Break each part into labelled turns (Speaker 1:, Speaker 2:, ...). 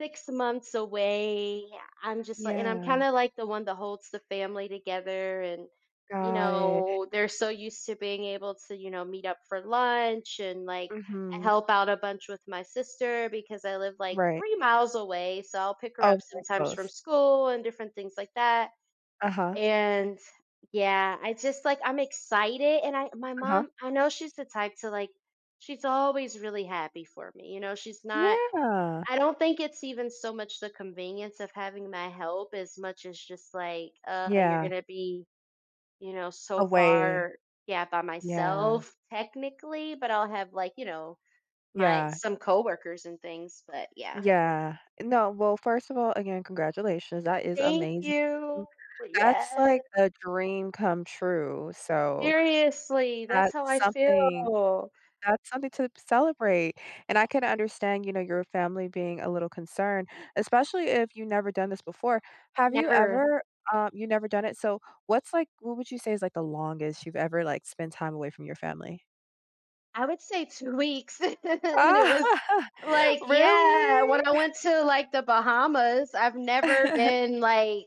Speaker 1: 6 months away. I'm just like and I'm
Speaker 2: Yeah.
Speaker 1: kinda, like, the one that holds the family together and, you
Speaker 2: Got it.
Speaker 1: know, they're so used to being able to, you know, meet up for lunch and, like,
Speaker 2: Mhm.
Speaker 1: help out a bunch with my sister because I live, like,
Speaker 2: Right.
Speaker 1: 3 miles away, so I'll pick her up
Speaker 2: Oh, very
Speaker 1: sometimes from
Speaker 2: close.
Speaker 1: school and different things like that,
Speaker 2: Uh-huh.
Speaker 1: and yeah, I just, like, I'm excited, and my
Speaker 2: Uh-huh.
Speaker 1: mom, I know she's the type to, like, she's always really happy for me. You know, she's not,
Speaker 2: Yeah.
Speaker 1: I don't think it's even so much the convenience of having my help as much as just, like, uh, you're
Speaker 2: Yeah.
Speaker 1: going to be, you know, so
Speaker 2: Away.
Speaker 1: far, yeah, by
Speaker 2: Yeah.
Speaker 1: myself technically, but I'll have, like, you know, my
Speaker 2: Yeah.
Speaker 1: some coworkers and things, but yeah.
Speaker 2: Yeah. No. Well, first of all, again, congratulations. That is
Speaker 1: Thank
Speaker 2: amazing.
Speaker 1: you. W
Speaker 2: That's,
Speaker 1: yes.
Speaker 2: like, a dream come true, so,
Speaker 1: Seriously, that's
Speaker 2: that's
Speaker 1: how I
Speaker 2: something
Speaker 1: feel.
Speaker 2: that's something to celebrate, and I can understand, you know, your family being a little concerned, especially if you never done this before. Have you
Speaker 1: Never.
Speaker 2: ever, um, you never done it? So what's, like what would you say is, like, the longest you've ever, like, spent time away from your family?
Speaker 1: I would say 2 weeks. And it was, like, yeah,
Speaker 2: Really?
Speaker 1: when I went to, like, The Bahamas, I've never been, like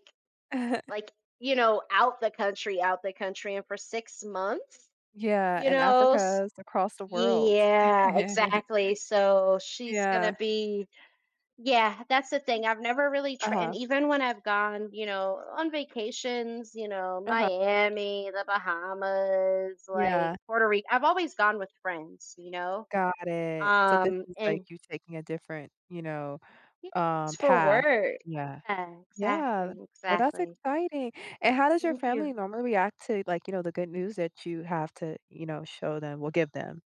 Speaker 1: like, you know, out the country, out the country and for 6 months,
Speaker 2: Yeah,
Speaker 1: you
Speaker 2: and
Speaker 1: know?
Speaker 2: Africa is across the world.
Speaker 1: Yeah, exactly, so she's gonna
Speaker 2: Yeah.
Speaker 1: be yeah, that's the thing. I've never really tried and
Speaker 2: Uh-huh.
Speaker 1: even when I've gone, you know, on vacations, you know,
Speaker 2: Uh-huh.
Speaker 1: Miami, The Bahamas, like,
Speaker 2: Yeah.
Speaker 1: Puerto Rico. I've always gone with friends, you know,
Speaker 2: Got it, so this
Speaker 1: um,
Speaker 2: is, like,
Speaker 1: and
Speaker 2: you taking a different, you know, uh,
Speaker 1: It's for
Speaker 2: path.
Speaker 1: work.
Speaker 2: Yeah.
Speaker 1: Yeah.
Speaker 2: Yeah.
Speaker 1: Exactly.
Speaker 2: Well, that's
Speaker 1: Exactly.
Speaker 2: exciting, and how does your
Speaker 1: Thank
Speaker 2: family
Speaker 1: you.
Speaker 2: normally react to, like, you know, the good news that you have to, you know, show them or give them?